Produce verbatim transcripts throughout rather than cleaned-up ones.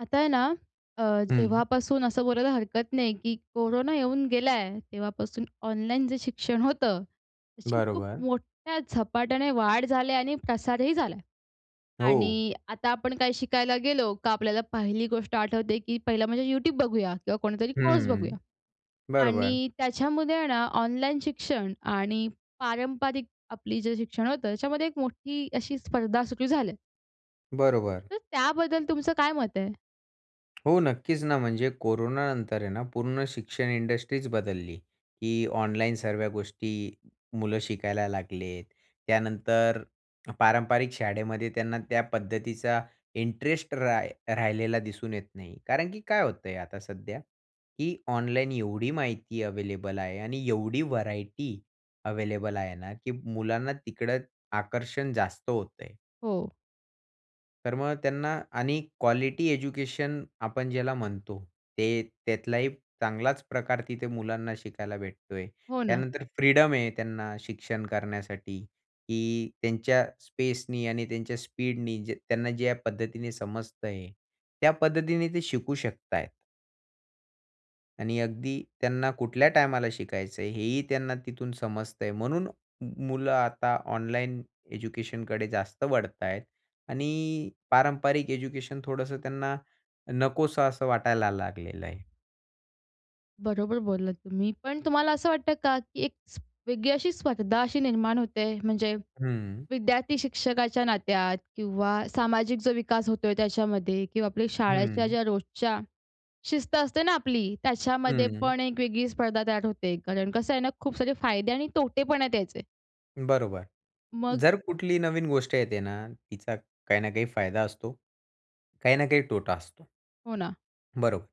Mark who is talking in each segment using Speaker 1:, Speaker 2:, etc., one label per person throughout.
Speaker 1: आता आहे ना, अ,
Speaker 2: हं.
Speaker 1: जेव्हापासून असं बोलायला हरकत नाही की कोरोना येऊन गेला आहे, तेव्हापासून ऑनलाईन जे शिक्षण होतं त्याची खूप
Speaker 2: बरोबर.
Speaker 1: मोठ्या झपाट्याने वाढ झाली आणि प्रसारही झाला आहे
Speaker 2: हो.
Speaker 1: आणि आता आपण काय शिकायला गेलो का आपल्याला पहिली गोष्ट आठवते की पहिला म्हणजे YouTube बघूया किंवा कोणतातरी कोर्स
Speaker 2: हं.
Speaker 1: बघूया
Speaker 2: बरोबर.
Speaker 1: आणि त्याच्यामध्ये आहे ना, ऑनलाईन शिक्षण आणि पारंपरिक आपली जे शिक्षण होतं त्याच्यामध्ये एक मोठी अशी स्पर्धा सुरू झाली आहे.
Speaker 2: बरोबर.
Speaker 1: तर त्याबद्दल तुमचं काय मत आहे?
Speaker 2: हो, नक्कीच ना, म्हणजे कोरोनानंतर आहे ना, पूर्ण शिक्षण इंडस्ट्रीच बदलली की ऑनलाईन सर्व्या गोष्टी मुलं शिकायला लागले. त्यानंतर पारंपरिक शाळेमध्ये त्यांना त्या पद्धतीचा इंटरेस्ट रा राहिलेला दिसून येत नाही. कारण की काय होतं आहे आता सध्या, की ऑनलाईन एवढी माहिती अव्हेलेबल आहे आणि एवढी व्हरायटी अव्हेलेबल आहे ना की मुलांना तिकडं आकर्षण जास्त होतं आहे.
Speaker 1: हो.
Speaker 2: तर मग त्यांना आणि क्वालिटी एज्युकेशन आपण ज्याला म्हणतो, ते त्यातलाही चांगलाच प्रकार तिथे मुलांना शिकायला भेटतो आहे.
Speaker 1: हो ना.
Speaker 2: त्यानंतर फ्रीडम आहे त्यांना शिक्षण करण्यासाठी, की त्यांच्या स्पेसनी आणि त्यांच्या स्पीडने त्यांना ज्या पद्धतीने समजत आहे, त्या पद्धतीने ते शिकू शकत आहेत. आणि अगदी त्यांना कुठल्या टायमाला शिकायचं आहे, हेही त्यांना तिथून समजतंय. म्हणून मुलं आता ऑनलाईन एज्युकेशनकडे जास्त वळत आहेत आणि पारंपरिक एज्युकेशन थोडंसं त्यांना नकोसं असं वाटायला लागलेलं आहे.
Speaker 1: बरोबर बोललात तुम्ही. पण तुम्हाला असं वाटतं का, की एक वेगळी अशी स्पर्धा अशी निर्माण होत आहे? म्हणजे
Speaker 2: हं.
Speaker 1: विद्यार्थी शिक्षकाच्या नात्यात किंवा सामाजिक जो विकास होतोय त्याच्यामध्ये किंवा आपल्या शाळेच्या
Speaker 2: हं.
Speaker 1: ज्या रोजच्या शिस्त असते ना आपली, त्याच्यामध्ये
Speaker 2: हं.
Speaker 1: पण एक वेगळी स्पर्धा तयार होत आहे? कारण कसं आहे ना खूप सारे फायदे आणि तोटेपण आहेत याचे.
Speaker 2: बरोबर.
Speaker 1: मग?
Speaker 2: जर कुठलीही नवीन गोष्ट येते ना, तिचा काही ना काही फायदा असतो. काही ना काही तोटा असतो.
Speaker 1: हो ना.
Speaker 2: बरोबर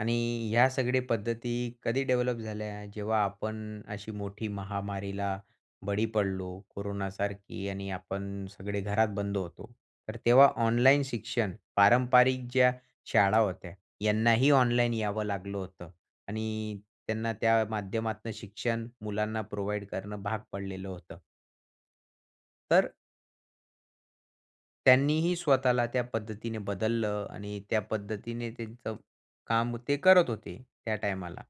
Speaker 2: आणि ह्या सगळ्या पद्धती कधी डेव्हलप झाल्या, जेव्हा आपण अशी मोठी महामारीला बळी पडलो कोरोनासारखी आणि आपण सगळे घरात बंद होतो. तर तेव्हा ऑनलाईन शिक्षण पारंपरिक ज्या शाळा होत्या यांनाही ऑनलाईन यावं लागलं होतं आणि त्यांना त्या माध्यमातनं शिक्षण मुलांना प्रोव्हाईड करणं भाग पडलेलं होतं. तर त्यांनीही स्वतःला त्या पद्धतीने बदललं आणि त्या पद्धतीने त्यांचं काम ते करत होते त्या टायमाला.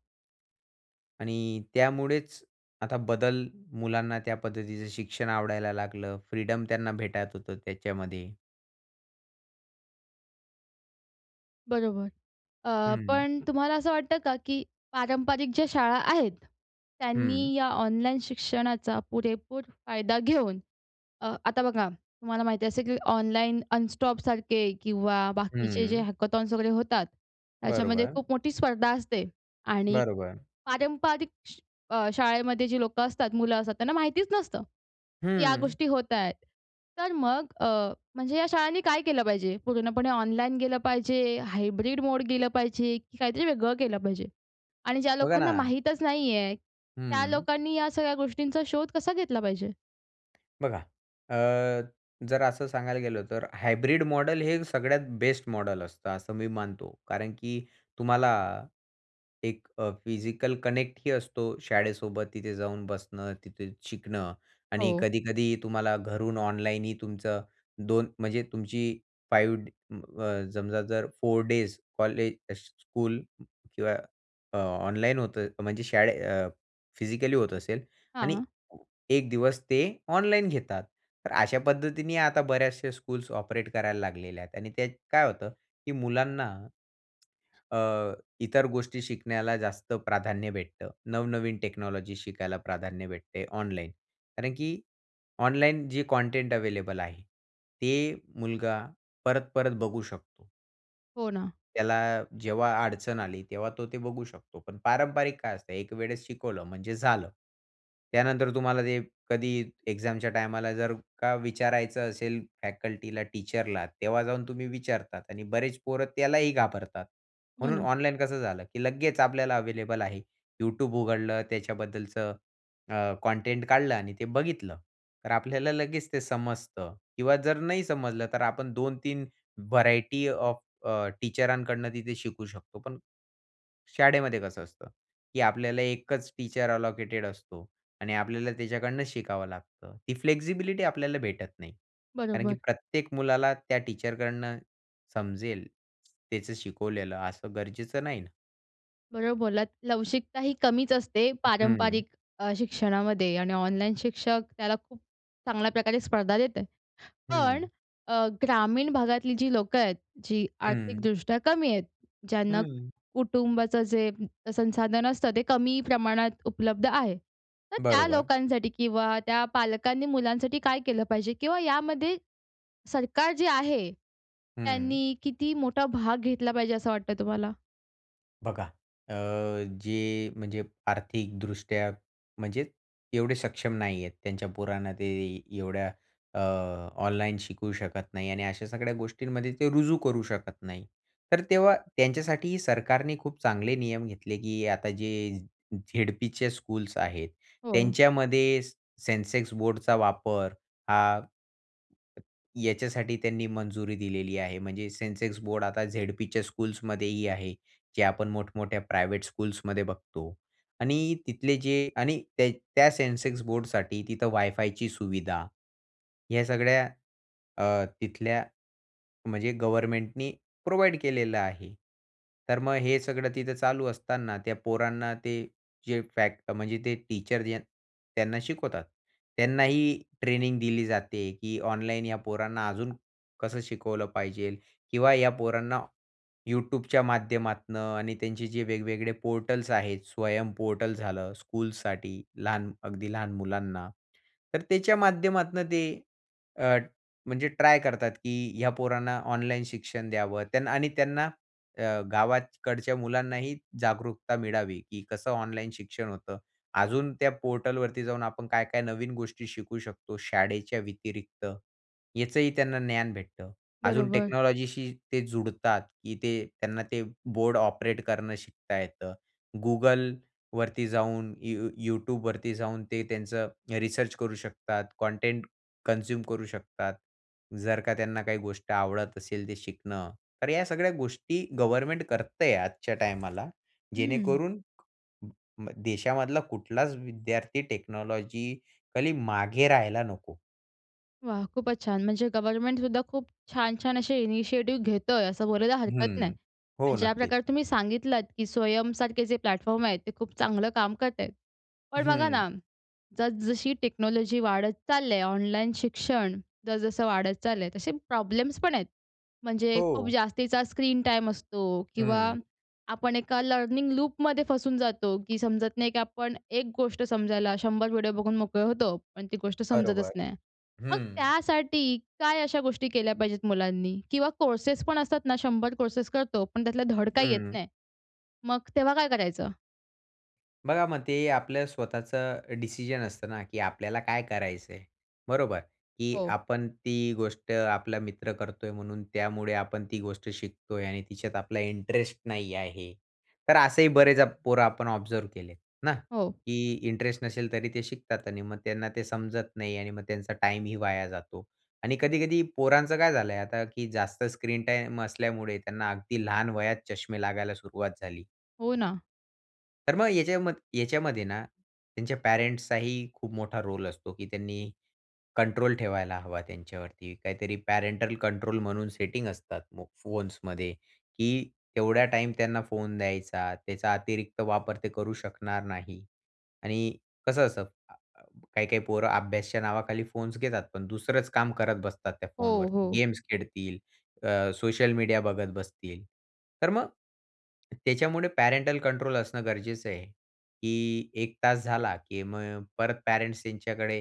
Speaker 2: आणि त्यामुळेच आता बदल मुलांना त्या पद्धतीचं शिक्षण आवडायला लागलं, फ्रीडम त्यांना भेटत होतं त्याच्यामध्ये.
Speaker 1: बरोबर, अ,
Speaker 2: हं.
Speaker 1: पण तुम्हाला असं वाटतं का? की पारंपरिक ज्या शाळा आहेत,
Speaker 2: हं.
Speaker 1: त्यांनी या ऑनलाईन शिक्षणाचा पुरेपूर फायदा घेऊन, अ, आता बघा, तुम्हाला माहिती असेल की ऑनलाईन अनस्टॉपसारखे किंवा बाकीचे जे
Speaker 2: हं.
Speaker 1: हॅकथॉन्स वगैरे होतात, त्याच्यामध्ये
Speaker 2: बरोबर.
Speaker 1: खूप मोठी स्पर्धा असते आणि
Speaker 2: बरोबर.
Speaker 1: पारंपरिक श अ, शाळेमध्ये जी लोकं असतात, मुलं असतात, त्यांना माहितीच नसतं, की या
Speaker 2: हं.
Speaker 1: गोष्टी होत आहेत. तर मग अ, म्हणजे या शाळांनी काय केलं पाहिजे, पूर्णपणे ऑनलाईन गेलं पाहिजे? हायब्रिड मोड केलं पाहिजे? की काहीतरी वेगळं केलं पाहिजे? आणि ज्या
Speaker 2: बघा
Speaker 1: लोकांना
Speaker 2: ना.
Speaker 1: माहीतचं नाहीये, त्या
Speaker 2: हं.
Speaker 1: लोकांनी या सगळ्या गोष्टींचा शोध कसा घेतला पाहिजे?
Speaker 2: बघा, अ, जर असं सांगायला गेलं तर, हायब्रिड मॉडेल हे सगळ्यात बेस्ट मॉडेल असतं असं मी मानतो. कारण की तुम्हाला एक अ, फिजिकल कनेक्ट ही असतो शाळेसोबत, तिथे जाऊन बसणं, तिथे शिकणं आणि
Speaker 1: हो.
Speaker 2: कधी-कधी तुम्हाला घरून ऑनलाईनही तुमचं दोन म्हणजे तुमची फाइव्ह ड अ, समजा जर फोर डेज कॉलेज, स्कू स्कूल किंवा अ, ऑनलाईन होतं म्हणजे शाळे अ, फिजिकली होत असेल आणि
Speaker 1: हां.
Speaker 2: ए एक दिवस ते ऑनलाईन घेतात. तर अशा पद्धतीने आता बऱ्याचशा स्कूल्स ऑपरेट करायला लागलेल्या आहेत आणि त्यात काय होतं की मुलांना अ, इतर गोष्टी शिकण्याला जास्त प्राधान्य भेटतं. नवनवीन टेक्नॉलॉजी शिकायला प्राधान्य भेटते ऑनलाईन. कारण की ऑनलाईन जे कंटेंट अवेलेबल आहे ते मुलगा परत-परत बघू शकतो.
Speaker 1: हो ना.
Speaker 2: त्याला जेव्हा अडचण आली, तेव्हा तो ते बघू शकतो. पण पारंपारिक काय असतं, एक वेळेस शिकवलं म्हणजे झालं. त्यानंतर तुम्हाला ते कधी एक्झामच्या टायमाला, जर का विचारायचं असेल फॅकल्टीला, टीचरला तेव्हा जाऊन तुम्ही विचारतात आणि बरेच पोरं त्यालाही घाबरतात.
Speaker 1: हो
Speaker 2: म्हणून
Speaker 1: ना.
Speaker 2: ऑनलाईन कसं झालं की लगेच आपल्याला अवेलेबल आहे.Youtube उघडलं, त्याच्याबद्दलचं अ, कंटेंट काढलं आणि ते बघितलं. तर आपल्याला लगेच ते समजतं. किंवा जर नाही समजलं, तर आपण दोन तीन व्हरायटी ऑफ अ, टीचरांकडून तिथे शिकू शकतो. पण शाळेमध्ये कसं असतं, की आपल्याला एकच टीचर अलोकेटेड असतो. आणि आपल्याला त्याच्याकडून शिकावं लागतं. ती फ्लेक्सिबिलिटी आपल्याला भेटत नाही. कारण की
Speaker 1: बरोबर.
Speaker 2: प्रत्येक मुलाला त्या टीचरकडनं समजेल त्याचं शिकवलेलं असं गरजेचं नाही ना?
Speaker 1: बरोबर बोललात. लवचिकताही कमीच असते
Speaker 2: हं.
Speaker 1: पारंपरिक अ, शिक्षणामध्ये आणि ऑनलाईन शिक्षक त्याला खूप चांगल्या प्रकारे स्पर्धा देत आहे. पण
Speaker 2: हं.
Speaker 1: अ, ग्रामीण भागातली जी लोकं आहेत जी
Speaker 2: हं.
Speaker 1: आर्थिकदृष्ट्या कमी आहेत. ज्यांना
Speaker 2: हं.
Speaker 1: कुटुंबाचं जे संसाधन असतं ते कमी प्रमाणात उपलब्ध आहे, तर त्या
Speaker 2: बरोबर.
Speaker 1: लोकांसाठी किंवा त्या पालकांनी मुलांसाठी काय केलं पाहिजे? किंवा यामध्ये सरकार जे आहे,
Speaker 2: हं.
Speaker 1: त्यांनी किती मोठा भाग घेतला पाहिजे असं वाटतं तुम्हाला?
Speaker 2: बघा. अ, जे म्हणजे आर्थिकदृष्ट्या, म्हणजे एवढे सक्षम नाही आहेत, त्यांच्या पोरांना ते एवढ्या अ, ऑनलाईन शिकवू शकत नाही आणि अशा सगळ्या गोष्टींमध्ये ते रुजू करू शकत नाही. तर तेव्हा त्यांच्यासाठी सरकारने खूप चांगले नियम घेतले, की आता जे झेडपीचे स्कूल्स आहेत,
Speaker 1: हो.
Speaker 2: त्यांच्यामध्ये से सेन्सेक्स बोर्डचा वापर हा याच्यासाठी त्यांनी मंजुरी दिलेली आहे. म्हणजे सेन्सेक्स बोर्ड आता झेडपीच्या स्कूल्समध्येही आहे. जे आपण मोठमोठ्या प्रायव्हेट स्कूल्समध्ये बघतो. आणि तिथले जे आणि त्या, त्या सेन्सेक्स बोर्डसाठी तिथं वायफायची सुविधा, या सगळ्या अ, तिथल्या म्हणजे गव्हर्नमेंटनी प्रोव्हाईड केलेलं आहे. तर मग हे सगळं तिथं चालू असताना त्या पोरांना ते जे फॅक्ट म्हणजे ते टीचर जे त्यांना शिकवतात. त्यांनाही ट्रेनिंग दिली जाते की ऑनलाईन या पोरांना अजून कसं शिकवलं पाहिजेल किंवा या पोरांना YouTubeच्या माध्यमातनं आणि त्यांचे जे वेगवेगळे पोर्टल्स आहेत, स्वयं पोर्टल झालं स्कूलसाठी लहान अगदी लहान मुलांना. तर त्याच्या माध्यमातून ते अ, म्हणजे ट्राय करतात की ह्या पोरांना ऑनलाईन शिक्षण द्यावं आणि त्यांना अ, गावाकडच्या मुलांनाही जागरूकता मिळावी की कसं ऑनलाईन शिक्षण होतं. अजून त्या पोर्टलवरती जाऊन आपण काय, काय नवीन गोष्टी शिकू शकतो शाळेच्या व्यतिरिक्त, याचंही त्यांना ज्ञान भेटतं. अजून
Speaker 1: बरोबर.
Speaker 2: टेक्नॉलॉजीशी ते जुडतात, की ते त्यांना ते बोर्ड ऑपरेट करणं शिकता येतं. Googleवरती जाऊन यू YouTubeवरती जाऊन ते त्यांचं रिसर्च करू शकतात, कंटेंट कन्झ्युम करू शकतात, जर का त्यांना काही गोष्ट आवडत असेल ते शिकणं, तर या सगळ्या गोष्टी गव्हर्नमेंट करत आहे आजच्या टायमाला.
Speaker 1: हं.
Speaker 2: जेणेकरून म देशामधला कुठलाच विद्यार्थी टेक्नॉलॉजिकली मागे राहायला नको.
Speaker 1: वाह! खूपचं छान. म्हणजे गव्हर्नमेंट सुद्धा खूप छान-छान असे इनिशिएटिव्ह घेतो आहे, असं बोलायला हरकत नाही
Speaker 2: हं, हो,
Speaker 1: आणि
Speaker 2: नक्की.
Speaker 1: ज्याप्रकारे तुम्ही सांगितलत, की स्वयं सारखे जे प्लॅटफॉर्म आहेत ते खूप चांगलं काम करत आहेत. पण बघा
Speaker 2: हं.
Speaker 1: ना, जस-जशी टेक्नॉलॉजी वाढत चालली आहे. ऑनलाईन शिक्षण जस-जसं वाढत चालल आहे तसे प्रॉब्लेम्स पण आहेत. म्हणजे खूप
Speaker 2: हो.
Speaker 1: जास्तीचा स्क्रीन टाईम असतो किंवा
Speaker 2: हं.
Speaker 1: आपण एका लर्निंग लूपमध्ये फसून जातो की समजत नाही, की आपण एक गोष्ट समजायला शंभर व्हिडिओ बघून मोकळे होतो. पण ती गोष्ट समजतचं
Speaker 2: बरोबर,
Speaker 1: नाही. मग
Speaker 2: हं.
Speaker 1: त्यासाठी काय अशा गोष्टी केल्या पाहिजेत मुलांनी? किंवा कोर्सेस पण असतात ना, शंभर कोर्सेस करतो. पण त्यातलं धड काही येत
Speaker 2: हं.
Speaker 1: नाही. मग तेव्हा काय करायचं?
Speaker 2: बघा मग ते आपलं स्वतःचं डिसिजन असतं ना, की आपल्याला काय करायच आहे? बरोबर, की
Speaker 1: हो.
Speaker 2: आपण ती गोष्ट आपला मित्र करतोय म्हणून त्यामुळे आपण ती गोष्ट शिकतोय आणि तिच्यात आपला इंटरेस्ट नाही आहे. तर असेही बरेचं पोरं आपण ऑब्झर्व्ह केलेत ना,
Speaker 1: हो.
Speaker 2: की इंटरेस्ट नसेल तरी ते शिकतात आणि मग त्यांना ते समजत नाही आणि मग त्यांचा टाईमही वाया जातो आणि कधी-कधी पोरांचं काय झाल आहे आता की जास्त स्क्रीन टाईम असल्यामुळे त्यांना अगदी लहान वयात चष्मे लागायला सुरुवात झाली.
Speaker 1: हो ना.
Speaker 2: तर मग याच्याम याच्यामध्ये ना, त्यांच्या पॅरेंट्सचाही खूप मोठा रोल असतो, की त्यांनी कंट्रोल ठेवायला हवा त्यांच्यावरती, काहीतरी पॅरेंटल कंट्रोल म्हणून सेटिंग असतात, मग फोन्समध्ये की तेवढा टाईम त्यांना फोन द्यायचा, त्याचा अतिरिक्त वापर ते करू शकणार नाही. आणि कसं असतं, अ, काही काही पोरं अभ्यासच्या नावाखाली फोन्स घेतात. पण दुसरंच काम करत बसतात त्या
Speaker 1: हो,
Speaker 2: फोनवरती.
Speaker 1: हो.
Speaker 2: गेम्स खेळतील, अ, सोशल मीडिया बघत बसतील. तर मग, त्याच्यामुळे पॅरेंटल कंट्रोल असणं गरजेचं आहे. की एक तास झाला की मग परत पेरेंट्स त्यांच्याकडे,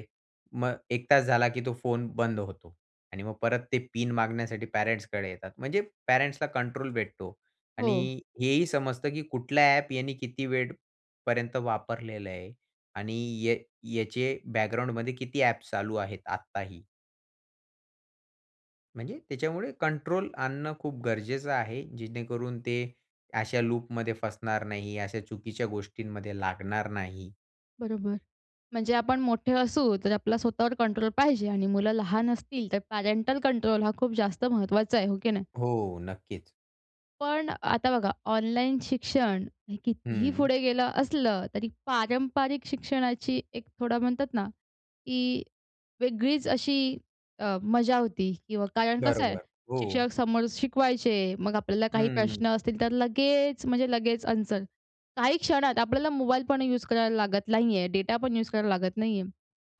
Speaker 2: मग एक तास झाला की तो फोन बंद होतो. आणि मग परत ते पिन मागण्यासाठी पॅरेंट्सकडे येतात. म्हणजे पॅरेंट्सला कंट्रोल भेटतो
Speaker 1: हो.
Speaker 2: आणि हेही समजतं की कुठल्या ॲप याने किती वेळपर्यंत वापरलेलं आहे आणि य याचे बॅकग्राऊंडमध्ये किती ॲप्स चालू आहेत आत्ताही. म्हणजे त्याच्यामुळे कंट्रोल आणणं खूप गरजेचं आहे. जेणेकरून, ते अशा लूपमध्ये फसणार नाही, अशा चुकीच्या गोष्टींमध्ये लागणार नाही.
Speaker 1: बरोबर. म्हणजे आपण मोठे असू तर आपला स्वतःवर कंट्रोल पाहिजे आणि मुलं लहान असतील, तर पॅरेंटल कंट्रोल हा खूप जास्त महत्वाचा आहे. हो की नाही?
Speaker 2: हो. नक्कीच.
Speaker 1: पण आता बघा, ऑनलाईन शिक्षण हे कितीही
Speaker 2: हं.
Speaker 1: पुढे गेलं असलं तरी पारंपरिक शिक्षणाची एक थोडा म्हणतात ना, की वेगळीच अशी अ, मजा होती किंवा कारण कसं आहे?
Speaker 2: बरोबर. हो.
Speaker 1: शिक्षक समोर शिकवायचे. मग आपल्याला काही
Speaker 2: हं.
Speaker 1: प्रश्न असतील तर लगेच, म्हणजे लगेच अन्सर, काही क्षणात आपल्याला मोबाईल पण यूज करायला लागत नाही आहे, डेटा पण यूज करायला लागत नाही आहे.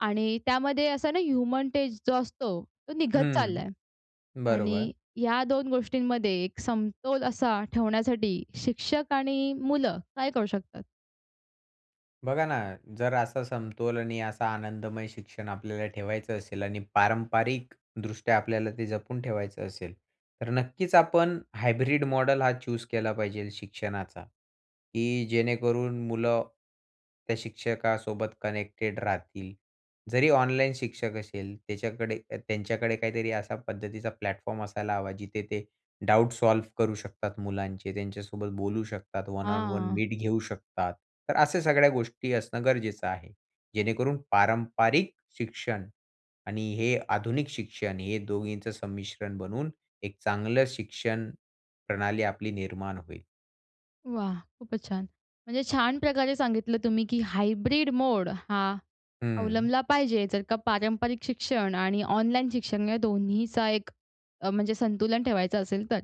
Speaker 1: आणि त्यामध्ये असं आहे ना ह्युमन टेस्ट जो असतो, तो निघत चालला
Speaker 2: हं.
Speaker 1: आहे.
Speaker 2: बरोबर.
Speaker 1: आणि या दोन गोष्टींमध्ये एक समतोल असा ठेवण्यासाठी शिक्षक आणि मुलं काय करू शकतात?
Speaker 2: बघा ना, जर असा समतोल आणि असा आनंदमय शिक्षण आपल्याला ठेवायचं असेल. आणि पारंपरिकदृष्ट्या आपल्याला ते जपून ठेवायचं असेल, तर नक्कीच आपण हायब्रिड मॉडेल हा चूज केला पाहिजे शिक्षणाचा. की जेणेकरून मुलं त्या शिक्षकासोबत कनेक्टेड राहतील. जरी ऑनलाईन शिक्षक असेल, त्याच्याकडे त्यांच्याकडे काहीतरी अशा पद्धतीचा प्लॅटफॉर्म असायला हवा जिथे ते डाउट सॉल्व्ह करू शकतात मुलांचे, त्यांच्यासोबत बोलू शकतात, वन ऑन वन
Speaker 1: हां.
Speaker 2: मीट घेऊ शकतात. तर अशा सगळ्या गोष्टी असणं गरजेचं आहे. जेणेकरून पारंपरिक शिक्षण आणि हे आधुनिक शिक्षण हे दोघींचं संमिश्रण बनवून एक चांगलं शिक्षण प्रणाली आपली निर्माण होईल.
Speaker 1: वाह! खूपच छान. म्हणजे छान प्रकारे सांगितलं तुम्ही, की हायब्रिड मोड हा
Speaker 2: हं.
Speaker 1: अवलंबला पाहिजे जर का पारंपरिक शिक्षण आणि ऑनलाईन शिक्षण या दोन्हीचा एक अ, म्हणजे संतुलन ठेवायचं असेल तर.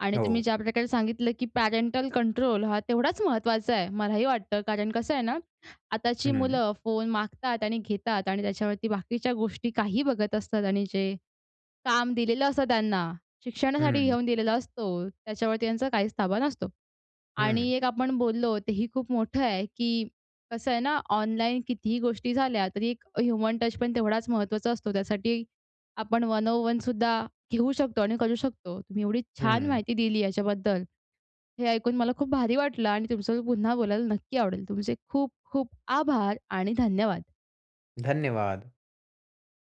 Speaker 1: आणि तुम्ही
Speaker 2: हो.
Speaker 1: ज्या प्रकारे सांगितलं की पॅरेंटल कंट्रोल हा तेवढाच महत्त्वाचा आहे. मलाही वाटतं कारण कसं आहे ना, आताची
Speaker 2: हं.
Speaker 1: मुलं फोन मागतात आणि घेतात. आणि त्याच्यावरती बाकीच्या गोष्टी काहीही बघत असतात आणि जे काम दिलेलं असतं त्यांना, शिक्षणासाठी
Speaker 2: हं.
Speaker 1: घेऊन दिलेला असतो, त्याच्यावरती त्यांचा काहीच ताबा नसतो. आणि
Speaker 2: हं.
Speaker 1: एक आपण बोललो तेही खूप मोठं आहे ,की कसं आहे ना, ऑनलाईन कितीही गोष्टी झाल्या तरी एक ह्युमन टच पण तेवढाचं महत्त्वाचा असतो. त्यासाठी आपण वन ऑन वन सुद्धा घेऊ शकतो आणि करू शकतो. तुम्ही एवढी छान
Speaker 2: हं.
Speaker 1: माहिती दिली याच्याबद्दल, हे ऐकून मला खूप भारी वाटलं आणि तुमच्या सोबत पुन्हा बोलायला नक्की आवडेल तुमचे खूप खूप आभार आणि धन्यवाद!
Speaker 2: धन्यवाद!